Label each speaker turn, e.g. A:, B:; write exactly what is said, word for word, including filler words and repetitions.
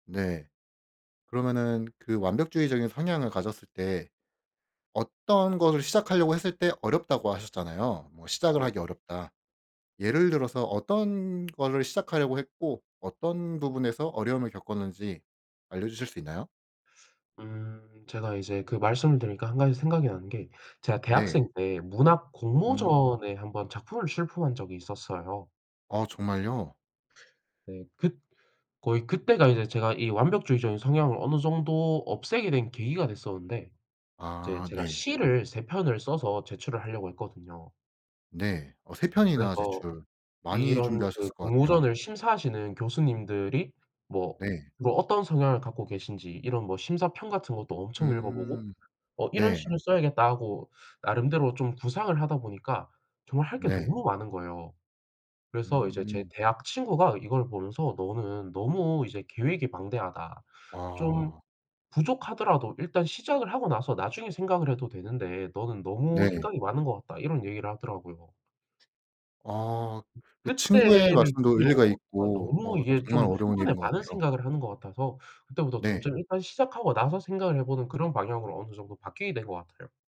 A: 네. 그러면은 그 완벽주의적인 성향을 가졌을 때 어떤 것을 시작하려고 했을 때 어렵다고 하셨잖아요. 뭐 시작을
B: 네.
A: 하기 어렵다. 예를 들어서 어떤 거를 시작하려고 했고, 어떤 부분에서 어려움을 겪었는지 알려주실 수 있나요?
B: 음 제가 이제 그 말씀을 들으니까 한 가지 생각이 나는 게, 제가 대학생
A: 네.
B: 때 문학
A: 음.
B: 공모전에 한번 작품을 출품한 적이 있었어요.
A: 아, 정말요?
B: 네, 그 거의 그때가 이제 제가 이 완벽주의적인 성향을 어느 정도 없애게 된 계기가 됐었는데 이제
A: 아
B: 제가
A: 네.
B: 시를 세 편을 써서 제출을 하려고 했거든요.
A: 네, 어 세 편이나
B: 그래서
A: 제출 많이
B: 이런 그
A: 준비하셨을 것 같아요.
B: 공모전을 심사하시는 교수님들이 뭐,
A: 네.
B: 뭐 어떤 성향을 갖고 계신지 이런 뭐 심사평 같은 것도 엄청 읽어보고,
A: 음,
B: 어 '이런
A: 네.
B: 시를 써야겠다.' 하고 나름대로 좀 구상을 하다 보니까 정말 할 게
A: 네.
B: 너무 많은 거예요. 그래서 이제 제
A: 음.
B: 대학 친구가 이걸 보면서 "너는 너무 이제 계획이 방대하다. 좀
A: 아.
B: 부족하더라도 일단 시작을 하고 나서 나중에 생각을 해도 되는데 너는 너무
A: 네.
B: 생각이 많은 것 같다." 이런 얘기를 하더라고요.
A: 아 그 친구의
B: 그때를
A: 말씀도
B: 계기로
A: 일리가
B: 아
A: 있고,
B: 너무
A: 어
B: 이게 좀
A: 정말
B: 한
A: 어려운
B: 번에
A: 일인 것
B: 많은
A: 같아요.
B: 생각을 하는 것 같아서 그때부터
A: 네.
B: 점점 일단 시작하고 나서 생각을 해 보는 그런 방향으로 어느 정도 바뀌게 된 거 같아요.